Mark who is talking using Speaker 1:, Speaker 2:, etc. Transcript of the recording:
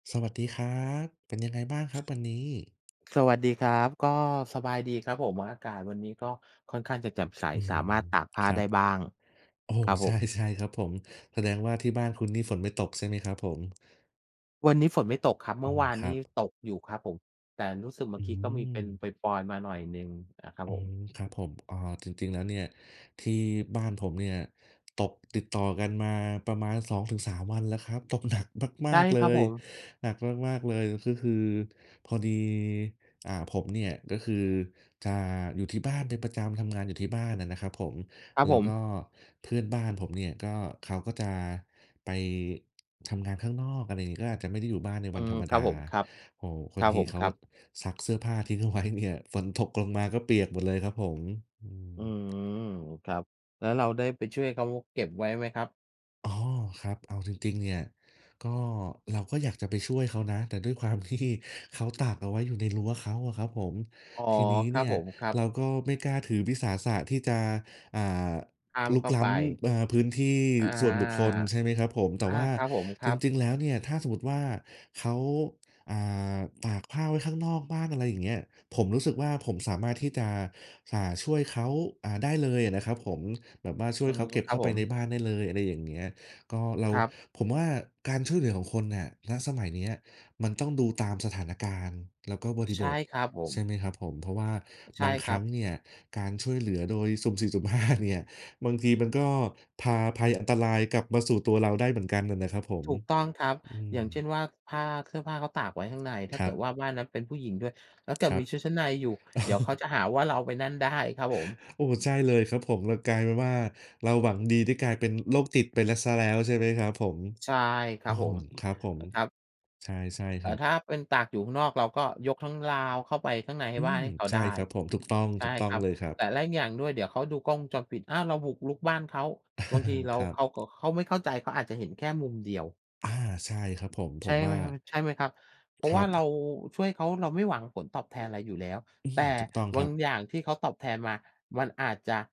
Speaker 1: สวัสดีครับ เป็นยังไงบ้างครับ วันนี้?
Speaker 2: สวัสดีครับ ก็สบายดีครับผม อากาศวันนี้ก็ค่อนข้างจะแจ่มใส
Speaker 1: อื้อฮ
Speaker 2: ส
Speaker 1: ื
Speaker 2: าม
Speaker 1: อ
Speaker 2: ารถตากผ้า
Speaker 1: ครั
Speaker 2: ได
Speaker 1: บ
Speaker 2: ้บ้าง
Speaker 1: โอ้โ
Speaker 2: คร
Speaker 1: ฮ
Speaker 2: ับ
Speaker 1: ใ
Speaker 2: ผ
Speaker 1: ช่
Speaker 2: ม
Speaker 1: ใช่ครับผม แสดงว่าที่บ้านคุณนี่ฝนไม่ตกใช่ไหมครับผม?
Speaker 2: วันนี้ฝนไม่ตกครับ
Speaker 1: อ
Speaker 2: เม
Speaker 1: ๋
Speaker 2: ื
Speaker 1: อ
Speaker 2: ่อวาน
Speaker 1: คร
Speaker 2: น
Speaker 1: ั
Speaker 2: ี่
Speaker 1: บ
Speaker 2: ตกอยู่ครับผม แต่รู้สึกเมื่
Speaker 1: อื
Speaker 2: อกี้ก็มีเป็น
Speaker 1: ม
Speaker 2: ปรอย ๆ มาหน่อยหนึ่งนะครั
Speaker 1: โอ
Speaker 2: บ
Speaker 1: ้
Speaker 2: ผม
Speaker 1: ครับผม อ๋อ จริง ๆ แล้วเนี่ย ที่บ้านผมเนี่ย ตกติดต่อกันมาประมาณ 2 ถึง 3 วันแล้วครับ ตกหนักม
Speaker 2: ใช
Speaker 1: า
Speaker 2: ่
Speaker 1: ก ๆ เล
Speaker 2: ครับผ
Speaker 1: ย
Speaker 2: ม
Speaker 1: หนักมาก ๆ เลย ก็คือพอดี อ่า ผมเนี่ย ก็คือจะอยู่ที่บ้านเป็นประจำ ทำงานอยู่ที่บ้านอะนะครับผม
Speaker 2: ครับ
Speaker 1: แล้
Speaker 2: ผ
Speaker 1: วก
Speaker 2: ม
Speaker 1: ็เพื่อนบ้านผมเนี่ยก็ เขาก็จะไป ทำงานข้างนอก อะไรอย่างงี้ ก็อาจจะไม่ได้อยู่บ้านใน
Speaker 2: อ
Speaker 1: ว
Speaker 2: ื
Speaker 1: ันธ
Speaker 2: ม
Speaker 1: รรม
Speaker 2: ค
Speaker 1: ด
Speaker 2: ร
Speaker 1: า
Speaker 2: ับผม ครับ
Speaker 1: โอ้โฮ บ
Speaker 2: ค
Speaker 1: า
Speaker 2: ร
Speaker 1: ง
Speaker 2: ับ
Speaker 1: ท
Speaker 2: ผ
Speaker 1: ี
Speaker 2: ม
Speaker 1: เข
Speaker 2: ค
Speaker 1: า
Speaker 2: รับ
Speaker 1: ซักเสื้อผ้าทิ้งเอาไว้เนี่ย ฝนตกลงมา ก็เปียกหมดเลยครับผม อืม
Speaker 2: อืม ครับ แล้วเราได้ไปช่วยเขาเก็บไว้ไหมครับ?
Speaker 1: อ๋อ ครับ เอาจริง ๆ เนี่ย ก็ เราก็อยากจะไปช่วยเขานะ แต่ด้วยความ ที่ เขาตากเอาไว้อยู่ในรั้วเขาอะครับผม
Speaker 2: อ๋อ
Speaker 1: ทีนี้
Speaker 2: คร
Speaker 1: เน
Speaker 2: ับ
Speaker 1: ี่
Speaker 2: ผ
Speaker 1: ย
Speaker 2: ม ครับ
Speaker 1: เราก็ไม่กล้าถือวิสาสะที่จะ อ่า
Speaker 2: ข้าม
Speaker 1: รุ
Speaker 2: เ
Speaker 1: ก
Speaker 2: ข้า
Speaker 1: ล้
Speaker 2: ไป
Speaker 1: ำ เอ่อ พื้นที่
Speaker 2: อา
Speaker 1: ส่วนบุคคล ใช่ไหมครับผม แต่
Speaker 2: อา
Speaker 1: ว่า
Speaker 2: ครับผม ค
Speaker 1: จ
Speaker 2: รับ
Speaker 1: ริง ๆ แล้วเนี่ย ถ้าสมมุติว่าเขา อ่า ตากผ้าไว้ข้างนอกบ้าน อะไรอย่างเงี้ย ผมรู้สึกว่า ผมสามารถที่จะ อ่า ช่วยเขา อ่า ได้เลยนะครับ ผม แบบว่าช่
Speaker 2: อ
Speaker 1: ว
Speaker 2: ื
Speaker 1: ย
Speaker 2: อ
Speaker 1: เข
Speaker 2: ฮึ
Speaker 1: าเก็บ
Speaker 2: ค
Speaker 1: เ
Speaker 2: ร
Speaker 1: ข
Speaker 2: ั
Speaker 1: ้
Speaker 2: บ
Speaker 1: าไ
Speaker 2: ผ
Speaker 1: ปใน
Speaker 2: ม
Speaker 1: บ้านได้เลย อะไรอย่างเงี้ย ก็เรา
Speaker 2: ครับ
Speaker 1: ผมว่าการช่วยเหลือของคนน่ะ ณ สมัยเนี้ยมันต้องดูตามสถานการณ์ แล้วก็บริ
Speaker 2: ใช
Speaker 1: บ
Speaker 2: ่
Speaker 1: ท
Speaker 2: ครับผ
Speaker 1: ใช่
Speaker 2: ม
Speaker 1: ไหมครับผม เพราะว่า
Speaker 2: ใช
Speaker 1: บ
Speaker 2: ่
Speaker 1: างค
Speaker 2: ค
Speaker 1: ร
Speaker 2: ร
Speaker 1: ั
Speaker 2: ั
Speaker 1: ้ง
Speaker 2: บ
Speaker 1: เนี่ยการช่วยเหลือโดยสุ่มสี่ สุ่มห้าเนี่ย บางทีมันก็พาภัย อันตรายกลับมาสู่ตัวเราได้เหมือนกันอะนะครับผม
Speaker 2: ถูกต้องครับ
Speaker 1: อื
Speaker 2: อย่างเช
Speaker 1: ม
Speaker 2: ่นว่า ผ้า เสื้อผ้าเขาตากไว้ข้างใน ถ้
Speaker 1: ค
Speaker 2: า
Speaker 1: ร
Speaker 2: เ
Speaker 1: ั
Speaker 2: กิ
Speaker 1: บ
Speaker 2: ดว่าบ้านนั้นเป็นผู้หญิงด้วย แล้วเก
Speaker 1: ค
Speaker 2: ิด
Speaker 1: รั
Speaker 2: มี
Speaker 1: บ
Speaker 2: ชุดชั้นในอยู่
Speaker 1: โอ
Speaker 2: เดี๋ยวเขา
Speaker 1: ้
Speaker 2: จะหาว่าเราไปนั่นได้ ครับผม
Speaker 1: โอ้โฮ ใช่เลยครับผม เลยกลายเป็นว่าเราหวังดี นี่กลายเป็นโรคจิตไปแล้ว เสียแล้วใช่ไหม ครับผม
Speaker 2: ใช่ค
Speaker 1: โ
Speaker 2: ร
Speaker 1: อ้
Speaker 2: ับผ
Speaker 1: โฮ
Speaker 2: ม
Speaker 1: ครับผม
Speaker 2: ครับ
Speaker 1: ใช่ ใช่
Speaker 2: แ
Speaker 1: ค
Speaker 2: ต
Speaker 1: ร
Speaker 2: ่
Speaker 1: ับ
Speaker 2: ถ้าเป็นตากอยู่ข้างนอก เราก็ยกทั้งราวเข้าไปข้างในให
Speaker 1: อ
Speaker 2: ้
Speaker 1: ื
Speaker 2: บ้าน
Speaker 1: ม
Speaker 2: ให้เขา
Speaker 1: ใช่
Speaker 2: ได้
Speaker 1: ครับผม ถูกต้อง
Speaker 2: ใช
Speaker 1: ถ
Speaker 2: ่
Speaker 1: ูกต้อ
Speaker 2: ค
Speaker 1: ง
Speaker 2: รับ
Speaker 1: เลยครับ
Speaker 2: แต่แล้วอย่างหนึ่งด้วย เดี๋ยวเขาดูกล้องวงจรปิด อ้าว เราบุกรุกบ้านเขา บางทีเรา
Speaker 1: ครับ
Speaker 2: เขา ก เขาไม่เข้าใจ เขาอาจจะเห็นแค่มุมเดียว
Speaker 1: อา ใช่ครับผม ผ
Speaker 2: ใช่
Speaker 1: มว่
Speaker 2: ม
Speaker 1: า
Speaker 2: ใช่ไหมครับ เพรา
Speaker 1: ค
Speaker 2: ะ
Speaker 1: ร
Speaker 2: ว
Speaker 1: ั
Speaker 2: ่า
Speaker 1: บ
Speaker 2: เราช่วยเขา เราไม่หวังผลตอบแทนอะไรอยู่แล้ว
Speaker 1: อือ
Speaker 2: แต
Speaker 1: ฮ
Speaker 2: ่
Speaker 1: ึ ถูกต้อง
Speaker 2: บ
Speaker 1: ค
Speaker 2: า
Speaker 1: รั
Speaker 2: ง
Speaker 1: บ
Speaker 2: อย่างที่เขาตอบแทนมามันอาจจะ